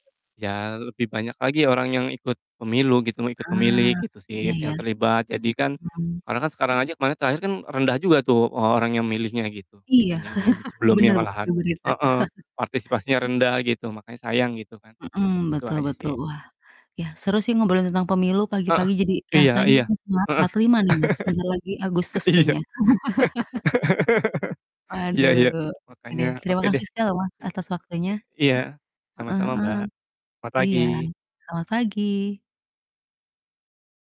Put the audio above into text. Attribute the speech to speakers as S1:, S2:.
S1: Ya lebih banyak lagi orang yang ikut pemilu gitu, mau ikut memilih
S2: Eee,
S1: gitu
S2: iya
S1: sih yang
S2: iya.
S1: terlibat, jadi kan
S2: Mhm.
S1: karena kan sekarang aja kemarin terakhir kan rendah juga tuh, eee, orang yang memilihnya gitu,
S2: Iya
S1: dibandingin sebelumnya
S2: bener bu di
S1: malahan.
S2: berita.
S1: Heeh, partisipasinya rendah gitu makanya sayang gitu kan,
S2: Mhm,
S1: itu
S2: betul
S1: aja
S2: betul
S1: sih.
S2: wah, ya seru sih ngobrolin tentang pemilu
S1: Heeh,
S2: pagi-pagi jadi
S1: iya
S2: rasanya
S1: iya.
S2: semangat
S1: Heeh
S2: 45 nih Mas bentar lagi Agustus
S1: iya.
S2: kayaknya.
S1: Iya-iya,
S2: Waduh, oke
S1: makanya
S2: deh, terima
S1: oke
S2: kasih
S1: deh.
S2: sekali loh Mas atas waktunya.
S1: Iya
S2: Heeh
S1: sama-sama
S2: heeh,
S1: Mbak, mat
S2: iya,
S1: pagi.
S2: selamat pagi.